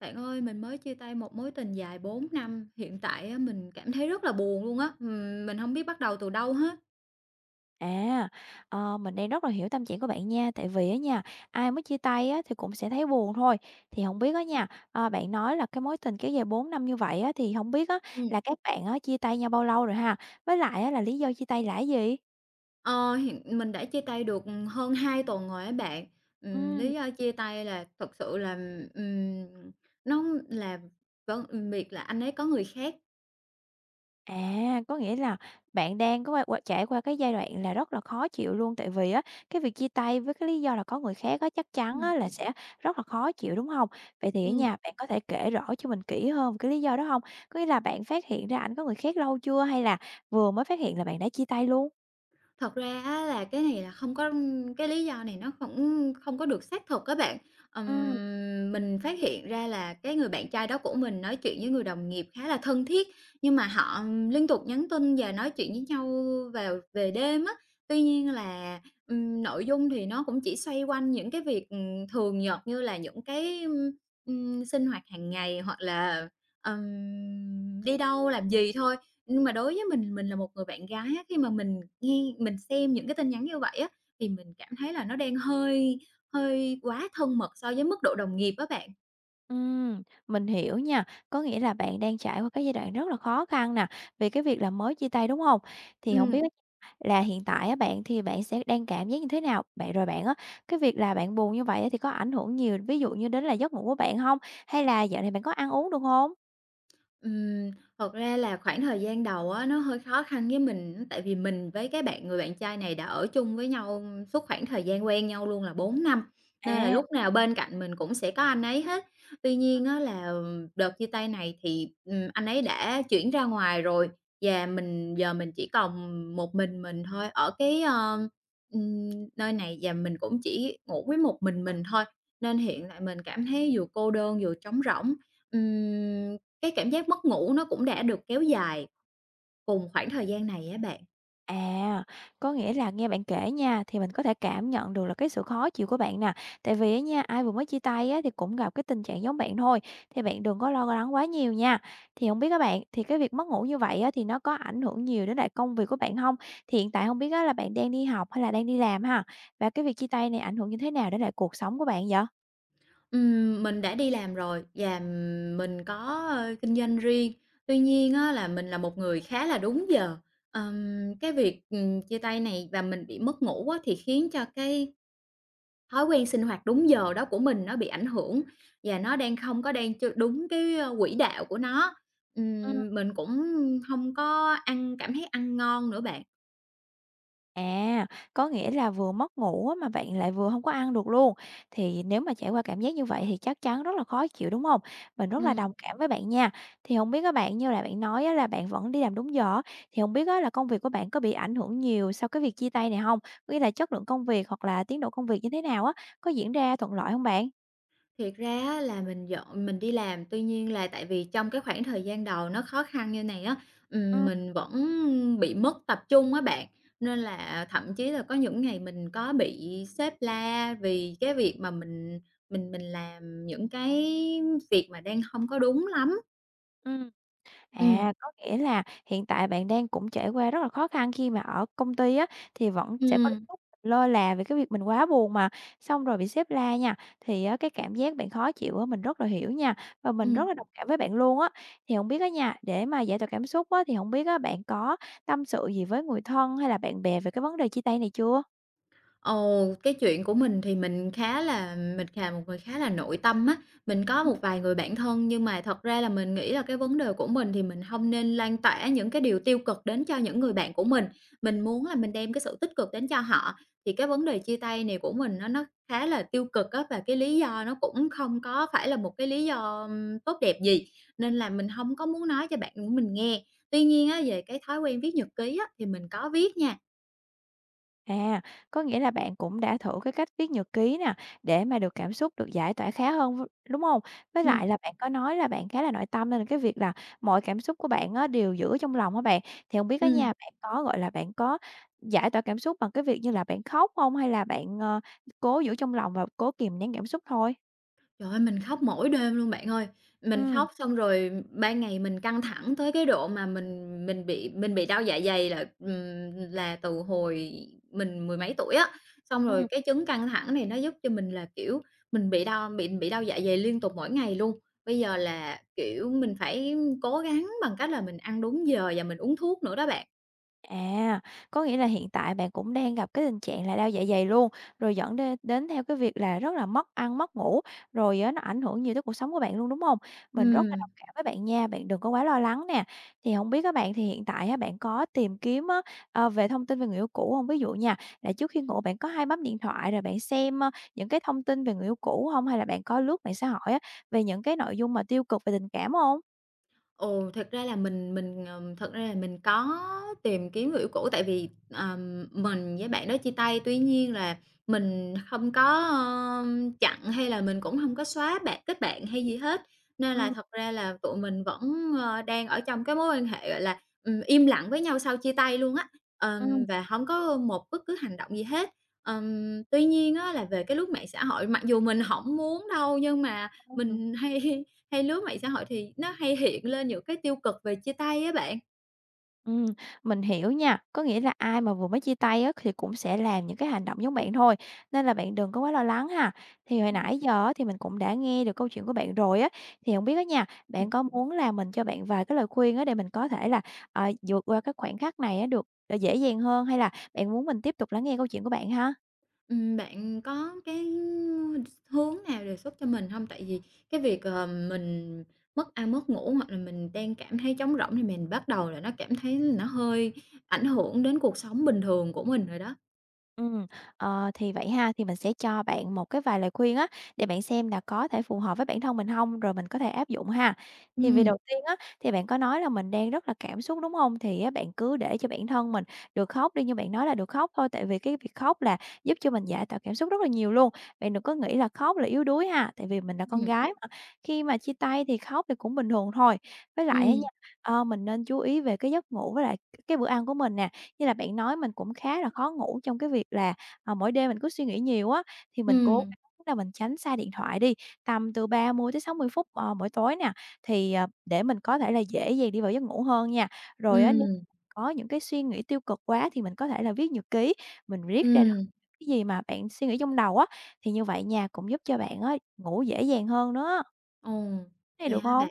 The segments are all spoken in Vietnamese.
Bạn ơi, mình mới chia tay một mối tình dài 4 năm. Hiện tại á mình cảm thấy rất là buồn luôn á, ừm, mình hông biết bắt đầu từ đâu hết. À, ờ, mình đang rất là hiểu tâm trạng của bạn nha, tại vì á nha, ai mới chia tay á thì cũng sẽ thấy buồn thôi. Thì hông biết á nha, ơ, bạn nói là cái mối tình kéo dài 4 năm như vậy á, thì hông biết á Ừm. là các bạn á chia tay nhau bao lâu rồi ha. Với lại á là lý do chia tay là cái gì? Ờ, hiện mình đã chia tay được hơn 2 tuần rồi á bạn, ừm, Ừm. lý do chia tay là thật sự là, ừm, nó là v việc là anh ấy có người khác. À, có nghĩa là bạn đang có qua qua trải qua cái giai đoạn là rất là khó chịu luôn. Tại vì á, cái việc chia tay với cái lý do là có người khác á, chắc chắn Ừm. á là sẽ rất là khó chịu, đúng hông? Vậy thì á Ừm. nha, bạn có thể kể rõ cho mình kỹ hơn về cái lý do đó hông? Có nghĩa là bạn phát hiện ra ảnh có người khác lâu chưa hay là vừa mới phát hiện là bạn đã chia tay luôn? Thật ra á là cái này là không có cái lý do này nó cũng không có được xác thực á bạn. Ừm. Ừm, mình phát hiện ra là cái người bạn trai đó của mình nói chuyện với người đồng nghiệp khá là thân thiết, nhưng mà họ liên tục nhắn tin và nói chuyện với nhau vào về đêm á. Tuy nhiên là, ừm, nội dung thì nó cũng chỉ xoay quanh những cái việc, ừm, thường nhật như là những cái, ừm, ừm, sinh hoạt hằng ngày hoặc là, ừm, đi đâu làm gì thôi. Nhưng mà đối với mình, mình là một người bạn gái á, khi mà mình nghe mình xem những cái tin nhắn như vậy á thì mình cảm thấy là nó đang hơi hơi quá thân mật so với mức độ đồng nghiệp á bạn. Ừm, mình hiểu nha, có nghĩa là bạn đang trải qua cái giai đoạn rất là khó khăn nè, vì cái việc là mới chia tay, đúng hông? Thì hổng biết Ừm. là hiện tại á, bạn thì bạn sẽ đang cảm giác như thế nào? Bạn rồi bạn á, cái việc là bạn buồn như vậy á, thì có ảnh hưởng nhiều, ví dụ như đến là giấc ngủ của bạn hông? Hay là dạo này bạn có ăn uống, được hông? Ừm, thật ra là khoảng thời gian đầu á, nó hơi khó khăn với mình, tại vì mình với cái bạn người bạn trai này đã ở chung với nhau suốt khoảng thời gian quen nhau luôn là 4 năm, nên là À. lúc nào bên cạnh mình cũng sẽ có anh ấy hết. Tuy Ừm. nhiên á là, ừm, đợt chia tay này thì, ừm, anh ấy đã chuyển ra ngoài rồi, và mình giờ mình chỉ còn một mình mình thôi ở cái ơ, ừm, nơi này và mình cũng chỉ ngủ với một mình mình thôi. Nên hiện tại mình cảm thấy vừa cô đơn vừa trống rỗng, ừm, cái cảm giác mất ngủ nó cũng đã được kéo dài cùng khoảng thời gian này á bạn. À, có nghĩa là nghe bạn kể nha, thì mình có thể cảm nhận được là cái sự khó chịu của bạn nè. Tại vì á nha, ai vừa mới chia tay á, thì cũng gặp cái tình trạng giống bạn thôi, thì bạn đừng có lo lắng quá nhiều nha. Thì hổng biết á bạn, thì cái việc mất ngủ như vậy á, thì nó có ảnh hưởng nhiều đến lại công việc của bạn hông? Thì hiện tại không biết là bạn đang đi học hay là đang đi làm ha? Và cái việc chia tay này ảnh hưởng như thế nào đến lại cuộc sống của bạn vậy? Ừm, mình đã đi làm rồi và mình có, ơ, kinh doanh riêng. Tuy nhiên á là mình là một người khá là đúng giờ. Ờm, cái việc, ừm, chia tay này và mình bị mất ngủ á, thì khiến cho cái thói quen sinh hoạt đúng giờ đó của mình nó bị ảnh hưởng, và nó đang không có đang ch đúng cái, ơ, quỹ đạo của nó. Ừm. Ừm, mình cũng hông có ăn cảm thấy ăn ngon nữa bạn. À, có nghĩa là vừa mất ngủ á mà bạn lại vừa hông có ăn được luôn. Thì nếu mà trải qua cảm giác như vậy thì chắc chắn rất là khó chịu, đúng hông? Mình rất là Ừm. đồng cảm với bạn nha. Thì hông biết á bạn, như là bạn nói á là bạn vẫn đi làm đúng giờ á, thì hông biết á là công việc của bạn có bị ảnh hưởng nhiều sau cái việc chia tay này hông? Có nghĩa là chất lượng công việc hoặc là tiến độ công việc như thế nào á, có diễn ra thuận lợi hông bạn? Thiệt ra á là mình vẫn mình đi làm, tuy nhiên là tại vì trong cái khoảng thời gian đầu nó khó khăn như này á, ừm, Ừm. mình vẫn bị mất tập trung á bạn. Nên là thậm chí là có những ngày mình có bị sếp la vì cái việc mà mình mình mình làm những cái việc mà đang hông có đúng lắm. Ừm. Ừm. À, có nghĩa là hiện tại bạn đang cũng trải qua rất là khó khăn khi mà ở công ty á, thì vẫn sẽ có Ừm. lúc lơ là về cái việc mình quá buồn mà, xong rồi bị sếp la nha. Thì á cái cảm giác bạn khó chịu á, mình rất là hiểu nha, và mình Ừm. rất là đồng cảm với bạn luôn á. Thì hông biết á nha, để mà giải tỏa cảm xúc á, thì hổng biết bạn á có tâm sự gì với người thân hay là bạn bè về cái vấn đề chia tay này chưa? Ừ, cái chuyện của mình thì mình khá là mình là một người khá là nội tâm á. Mình có Ừm. một vài người bạn thân nhưng mà thật ra là mình nghĩ là cái vấn đề của mình thì mình hông nên lan tỏa những cái điều tiêu cực đến cho những người bạn của mình. Mình muốn là mình đem cái sự tích cực đến cho họ, thì cái vấn đề chia tay này của mình nó nó khá là tiêu cực á. Và cái lý do nó cũng không có phải là một cái lý do, ưm, tốt đẹp gì, nên là mình hông có muốn nói cho bạn của mình nghe. Tuy nhiên á, về cái thói quen viết nhật ký á, thì mình có viết nha. À, có nghĩa là bạn cũng đã thử cái cách viết nhật ký nè, để mà được cảm xúc được giải tỏa khá hơn v đúng hông? Với lại Ừm. là bạn có nói là bạn khá là nội tâm, nên là cái việc là mọi cảm xúc của bạn á đều giữ trong lòng á bạn. Thì hông biết á nha, Ừm. bạn có, gọi là, bạn có giải tỏa cảm xúc bằng cái việc như là bạn khóc hông, hay là bạn, ờ, cố giữ trong lòng và cố kìm nén cảm xúc thôi? Trời ơi, mình khóc mỗi đêm luôn bạn ơi. Mình Ừm. khóc xong rồi ban ngày mình căng thẳng tới cái độ mà mình mình bị mình bị đau dạ dày là, ừm, là từ hồi mình mười mấy tuổi á. Xong rồi Ừm. cái chứng căng thẳng này nó giúp cho mình là, kiểu, mình bị đau bị bị đau dạ dày liên tục mỗi ngày luôn. Bây giờ là, kiểu, mình phải cố gắng bằng cách là mình ăn đúng giờ và mình uống thuốc nữa đó bạn. À, có nghĩa là hiện tại bạn cũng đang gặp cái tình trạng là đau dạ dày luôn, rồi dẫn đên đến theo cái việc là rất là mất ăn, mất ngủ, rồi á nó ảnh hưởng nhiều tới cuộc sống của bạn luôn, đúng hông? Mình rất là Ừm. đồng cảm với bạn nha, bạn đừng có quá lo lắng nè. Thì hông biết á bạn thì hiện tại á bạn có tìm kiếm á, ờ, về thông tin về người yêu cũ hông? Ví dụ nha, là trước khi ngủ bạn có hay bấm điện thoại rồi bạn xem, ờ, những cái thông tin về người yêu cũ hông? Hay là bạn có lướt mạng xã hội á về những cái nội dung mà tiêu cực về tình cảm hông? Ồ, thật ra là mình mình, ờ thật ra là mình có tìm kiếm người yêu cũ tại vì, ờ, mình với bạn đó chia tay, tuy nhiên là mình hông có, ơ, chặn hay là mình cũng hông có xóa bạn kết bạn hay gì hết. Nên là Ừm. thật ra là tụi mình vẫn, ờ, đang ở trong cái mối quan hệ, gọi là, ừm, im lặng với nhau sau chia tay luôn á, ờ, Ừm. và hông có một bất cứ hành động gì hết. Ờm, tuy nhiên á là về cái lướt mạng xã hội, mặc dù mình hổng muốn đâu nhưng mà Ừm. mình hay hay lướt mạng xã hội thì nó hay hiện lên những cái tiêu cực về chia tay á bạn. Ừm, mình hiểu nha. Có nghĩa là ai mà vừa mới chia tay á thì cũng sẽ làm những cái hành động giống bạn thôi, nên là bạn đừng có quá lo lắng ha. Thì hồi Ừm. nãy giờ á, thì mình cũng đã nghe được câu chuyện của bạn rồi á. Thì hông biết á nha, Ừm. bạn có muốn là mình cho bạn vài cái lời khuyên á để mình có thể là, ờ, vượt qua cái khoảnh khắc này được, ờ, dễ dàng hơn, hay là bạn muốn mình tiếp tục lắng nghe câu chuyện của bạn ha? Ừm, bạn có cái hướng nào đề xuất cho mình hông? Tại vì cái việc, ờ, mình mất ăn mất ngủ hoặc là mình đang cảm thấy trống rỗng, thì mình bắt đầu là nó cảm thấy là nó hơi ảnh hưởng đến cuộc sống bình thường của mình rồi đó. Ừm, ờ, thì vậy ha, thì mình sẽ cho bạn một cái vài lời khuyên á, để bạn xem là có thể phù hợp với bản thân mình hông, rồi mình có thể áp dụng ha. Thì vì đầu Ừm. tiên á, thì bạn có nói là mình đang rất là cảm xúc, đúng hông? Thì, à, bạn cứ để cho bản thân mình được khóc đi, như bạn nói là được khóc thôi. Tại vì cái việc khóc là giúp cho mình giải tỏa cảm xúc rất là nhiều luôn. Bạn đừng có nghĩ là khóc là yếu đuối ha. Tại vì mình là con Ừm. gái mà, khi mà chia tay thì khóc thì cũng bình thường thôi. Với lại á Ừm. nha, ờ, mình nên chú ý về cái giấc ngủ với lại cái bữa ăn của mình nè. Như là bạn nói mình cũng khá là khó ngủ trong cái việc là, ờ, mỗi đêm mình cứ suy nghĩ nhiều á, thì mình cố Ừm. gắng là mình tránh xa điện thoại đi, tầm từ 30 đến 60 phút, ờ, mỗi tối nè. Thì, ờ, để mình có thể là dễ dàng đi vào giấc ngủ hơn nha. Rồi á, nếu Ừm. có những cái suy nghĩ tiêu cực quá thì mình có thể là viết nhật ký, mình viết ra được Ừm. cái gì mà bạn suy nghĩ trong đầu á. Thì như vậy nó cũng giúp cho bạn á ngủ dễ dàng hơn nữa á. Ồ, Thế vậy được hả hông? bạn?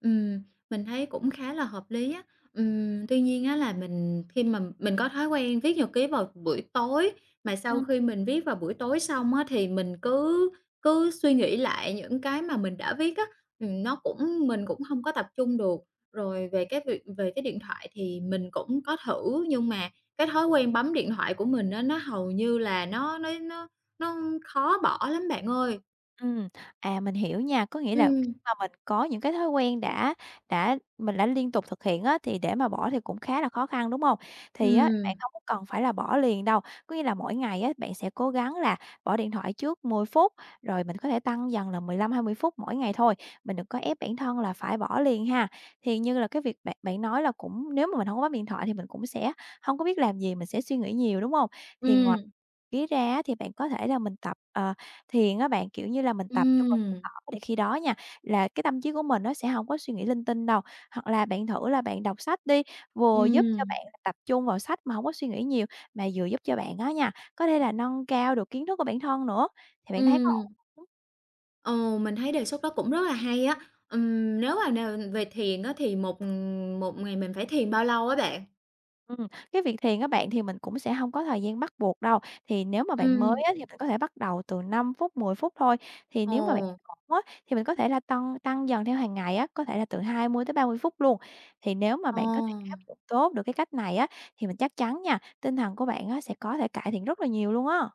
Ừm, mình thấy cũng khá là hợp lý á. Ừm, tuy nhiên á là mình khi mà mình có thói quen viết nhật ký vào buổi tối, mà sau Ừm. khi mình viết vào buổi tối xong á, thì mình cứ cứ suy nghĩ lại những cái mà mình đã viết á, ừm, nó cũng mình cũng hông có tập trung được. Rồi về cái việc về cái điện thoại thì mình cũng có thử, nhưng mà cái thói quen bấm điện thoại của mình á, nó hầu như là nó nó nó nó khó bỏ lắm bạn ơi. Ừm, à, mình hiểu nha. Có nghĩa là khi Ừm. mà mình có những cái thói quen đã đã mình đã liên tục thực hiện á, thì để mà bỏ thì cũng khá là khó khăn, đúng hông? Thì á Ừm. bạn hông có cần phải là bỏ liền đâu, có nghĩa là mỗi ngày á, bạn sẽ cố gắng là bỏ điện thoại trước 10 phút, rồi mình có thể tăng dần là 15, 20 phút mỗi ngày thôi. Mình đừng có ép bản thân là phải bỏ liền ha. Thì như là cái việc bạn bạn nói là cũng nếu mà mình hổng có bấm điện thoại thì mình cũng sẽ hông có biết làm gì, mình sẽ suy nghĩ nhiều, đúng hông? Thì Ừm. ngoài ký ra á, thì bạn có thể là mình tập, ờ, thiền á bạn, kiểu như là mình tập, kêu bằng, [unintelligible] Ừm. thở, thì khi đó nha, là cái tâm trí của mình nó sẽ hổng có suy nghĩ linh tinh đâu. Hoặc là bạn thử là bạn đọc sách đi, vừa giúp cho Ừm. bạn là tập trung vào sách mà hổng có suy nghĩ nhiều, mà vừa giúp cho bạn á nha, có thể là nâng cao được kiến thức của bản thân nữa. Thì bạn thấy có Ừm. ổn [unintelligible] Ồ, mình thấy đề xuất đó cũng rất là hay á. Ừm, nếu mà n về thiền á thì một, ừm, một ngày mình phải thiền bao lâu á bạn? Ừm, cái việc thiền á bạn, thì mình cũng sẽ hông có thời gian bắt buộc đâu. Thì nếu mà bạn mới Ừm. á, thì mình có thể bắt đầu từ 5 phút, 10 phút thôi. Thì nếu mà bạn Ồ. ổn á, thì mình có thể là tâng tăng dần theo hàng ngày á, có thể là từ 20 tới 30 phút luôn. Thì nếu mà bạn có thể áp Ồ. dụng tốt được cái cách này á, thì mình chắc chắn nha, tinh thần của bạn sẽ có thể cải thiện rất là nhiều luôn á.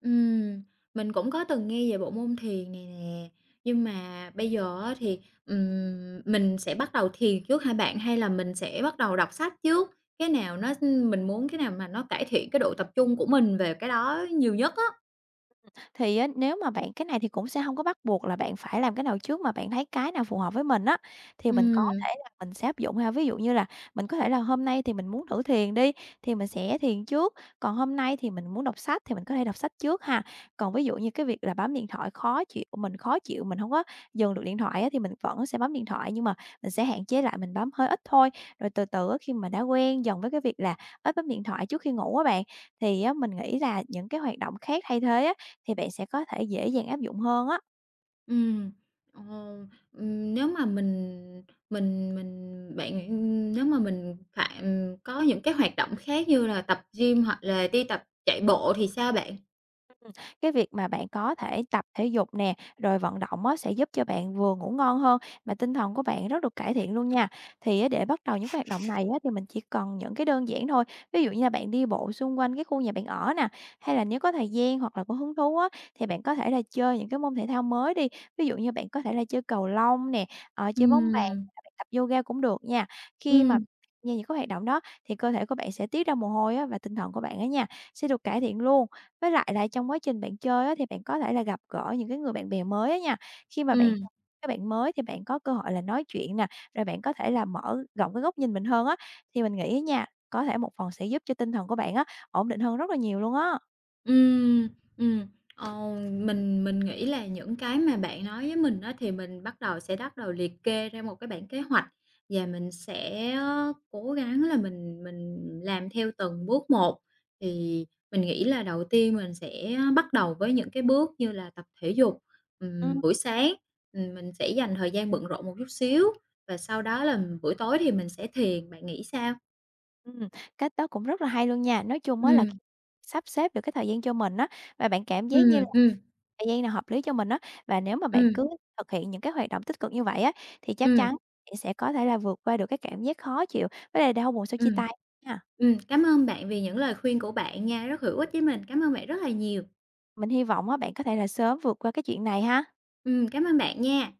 Ừm, mình cũng có từng nghe về bộ môn thiền này nè. Nhưng mà bây giờ á thì, ừm, mình sẽ bắt đầu thiền trước hả bạn? Hay là mình sẽ bắt đầu đọc sách trước? Cái nào nó mình muốn cái nào mà nó cải thiện cái độ tập trung của mình về cái đó nhiều nhất á. Ừm, thì á, nếu mà bạn cái này thì cũng sẽ hông có bắt buộc là bạn phải làm cái nào trước, mà bạn thấy cái nào phù hợp với mình á thì mình có Ừm. thể là mình sẽ áp dụng ha. Ví dụ như là mình có thể là hôm nay thì mình muốn thử thiền đi, thì mình sẽ thiền trước, còn hôm nay thì mình muốn đọc sách thì mình có thể đọc sách trước ha. Còn ví dụ như cái việc là bấm điện thoại khó chịu mình khó chịu, mình hông có dừng được điện thoại á, thì mình vẫn sẽ bấm điện thoại nhưng mà mình sẽ hạn chế lại, mình bấm hơi ít thôi. Rồi từ từ á, khi mà đã quen dần với cái việc là ít bấm điện thoại trước khi ngủ á bạn, thì á mình nghĩ là những cái hoạt động khác thay thế á thì bạn sẽ có thể dễ dàng áp dụng hơn á. Ừm. Ờ, ừm, nếu mà mình mình mình bạn [unintelligible] nếu mà mình phạm có những cái hoạt động khác như là tập gym hoặc là đi tập chạy bộ thì sao bạn? Ừm, cái việc mà bạn có thể tập thể dục nè, rồi vận động á sẽ giúp cho bạn vừa ngủ ngon hơn mà tinh thần của bạn rất được cải thiện luôn nha. Thì á để bắt đầu những cái hoạt động này á thì mình chỉ cần những cái đơn giản thôi. Ví dụ như là bạn đi bộ xung quanh cái khu nhà bạn ở nè, hay là nếu có thời gian hoặc là có hứng thú á thì bạn có thể là chơi những cái môn thể thao mới đi. Ví dụ như bạn có thể là chơi cầu lông nè, ờ, chơi bóng bàn Ừm. hay bạn tập yoga cũng được nha. Khi mà Ừm. những cái hoạt động đó thì cơ thể của bạn sẽ tiết ra mồ hôi á và tinh thần của bạn á nha sẽ được cải thiện luôn. Với lại là trong quá trình bạn chơi á thì bạn có thể là gặp gỡ những cái người bạn bè mới á nha. Khi mà bạn Ừm. gặp cái bạn mới thì bạn có cơ hội là nói chuyện nè, rồi bạn có thể là mở rộng cái góc nhìn mình hơn á, thì mình nghĩ á nha, có thể một phần sẽ giúp cho tinh thần của bạn á ổn định hơn rất là nhiều luôn á. Ừm, ừm, ờ, mình mình nghĩ là những cái mà bạn nói với mình á thì mình bắt đầu sẽ bắt đầu liệt kê ra một cái bảng kế hoạch và mình sẽ, ơ, cố gắng là mình mình làm theo từng bước một, thì mình nghĩ là đầu tiên mình sẽ bắt đầu với những cái bước như là tập thể dục, Ừm. ừm, buổi sáng. Ừm, mình sẽ dành thời gian bận rộn một chút xíu và sau đó là buổi tối thì mình sẽ thiền, bạn nghĩ sao? Ừm, cách đó cũng rất là hay luôn nha. Nói chung á là Ừm. sắp xếp được cái thời gian cho mình á và bạn cảm giác như Ừm, ừm. thời gian nào hợp lý cho mình á, và nếu mà bạn Ừm. cứ thực hiện những cái hoạt động tích cực như vậy á thì chắc Ừm. chắn nghĩ sẽ có thể là vượt qua được cái cảm giác khó chịu với lại đau buồn sau chia Ừm. tay nha. Ừm, cám ơn bạn vì những lời khuyên của bạn nha, rất hữu ích với mình, cảm ơn bạn rất là nhiều. Mình hy vọng á bạn có thể là sớm vượt qua cái chuyện này ha. Ừm, cảm ơn bạn nha.